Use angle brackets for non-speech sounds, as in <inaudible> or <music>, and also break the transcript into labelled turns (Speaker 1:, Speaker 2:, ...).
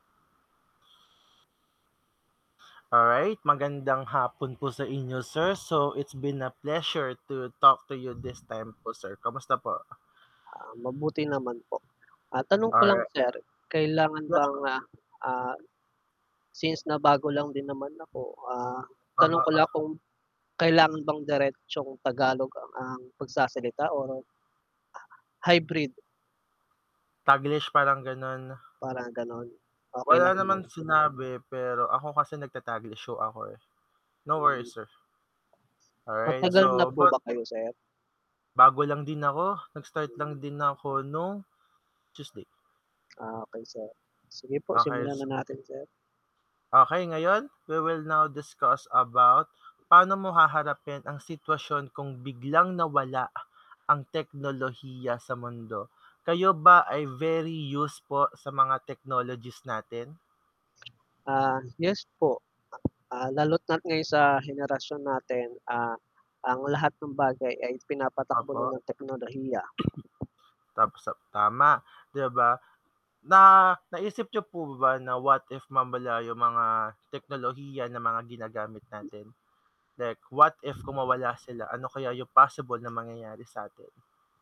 Speaker 1: Alright, magandang hapon po sa inyo sir, so it's been a pleasure to talk to you this time po sir. Kamusta po?
Speaker 2: Ah, mabuti naman po. Ah, tanong ko lang
Speaker 1: Alri
Speaker 2: sir kailangan
Speaker 1: Lak
Speaker 2: bang, ah, ah, since na bago lang din naman ako, ah, tanong ko
Speaker 1: Uh-huh.
Speaker 2: lang kung kailangan bang diretsong Tagalog a ang pagsasalita or hybrid?
Speaker 1: Taglish, parang gano'n?
Speaker 2: Parang gano'n, okey
Speaker 1: Wala
Speaker 2: lang
Speaker 1: naman
Speaker 2: naman.
Speaker 1: sinabi, pero ako kasi nag-tataglish ho ako, eh, no worries,
Speaker 2: Hmm.
Speaker 1: sir. Alright,
Speaker 2: Matagal na
Speaker 1: so,
Speaker 2: po
Speaker 1: bag
Speaker 2: ba kayo, sir?
Speaker 1: bago lang din ako, nag-start lang
Speaker 2: Hmm.
Speaker 1: din ako nung Tuesday.
Speaker 2: Ah, okey sir, sige po
Speaker 1: Oh,
Speaker 2: simulan
Speaker 1: here's
Speaker 2: na natin, sir.
Speaker 1: Okey, ngayon, we will now discuss about pa'no mo haharapin ang sitwasyon kung biglang nawala ang teknolohiya sa mundo, kayo ba ay very used po sa mga technologies natin?
Speaker 2: Ah, yes po, ah, lalo't na ngayon sa henerasyon natin, ah, ang lahat ng bagay ay pinapatakbo na
Speaker 1: Opo.
Speaker 2: ng teknolohiya.
Speaker 1: <coughs> Thumbs up, tama, 'di ba, na naisip niyo po ba na what if mawala yung mga teknolohiya ng mga ginagamit natin? Like, what if kung mawala sila ano kaya yung possible na mangyayari sa 'tin?